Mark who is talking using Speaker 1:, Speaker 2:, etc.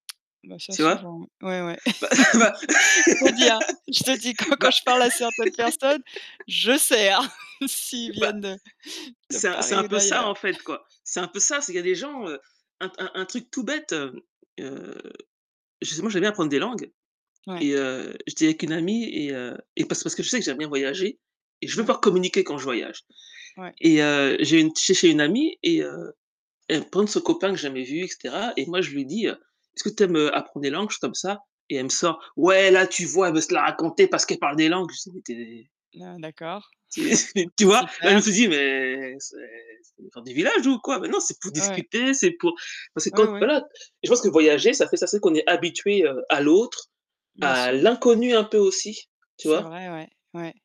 Speaker 1: Ben ça,
Speaker 2: Tu vois?
Speaker 1: souvent, ouais, ouais.
Speaker 2: Bah, bah,
Speaker 1: Je te dis, hein, je te dis quand quand
Speaker 2: bah,
Speaker 1: je parle à certaines personnes, je sers s'ils
Speaker 2: bah,
Speaker 1: viennent de de
Speaker 2: c'est un c'est un
Speaker 1: Paris ou
Speaker 2: peu ça en
Speaker 1: d'ailleurs.
Speaker 2: fait, quoi. C'est un peu ça, c'est qu'il y a des gens, heu, un un un truc tout bête, heu, justement j'aime bien apprendre des langues
Speaker 1: Ouais.
Speaker 2: et heu, j'étais avec une amie et heu, et parce que parce que je sais que j'aime bien voyager et je veux
Speaker 1: Ouais.
Speaker 2: pas communiquer quand je voyage
Speaker 1: Ouais.
Speaker 2: et heu, j'ai une j'étais chez une amie et heu, elle me présente son copain que j'ai jamais vu et cetera et moi je lui dis, heu: «Est-ce que tu aimes, heu, apprendre des langues, juste comme ça?» et elle me sort: «Ouais là, tu vois? Elle veut se la raconter parce qu'elle parle des langues». C'est tu es
Speaker 1: Ah, d'accord.
Speaker 2: c'est c'est, tu vois? Là, je me
Speaker 1: Super.
Speaker 2: suis dit: Mais c'est c'est [unintelligible] du villages ou quoi? Mais non, c'est pour
Speaker 1: Ouais.
Speaker 2: discuter, c'est pour parce que
Speaker 1: Ouais,
Speaker 2: quand
Speaker 1: ouais.
Speaker 2: voilà, je pense que voyager, ça fait ça, c'est qu'on est habitué, heu, à l'autre,
Speaker 1: Bien
Speaker 2: à
Speaker 1: sûr.
Speaker 2: l'inconnu un peu aussi, tu
Speaker 1: C'est
Speaker 2: vois?
Speaker 1: vrai, ouais, ouais.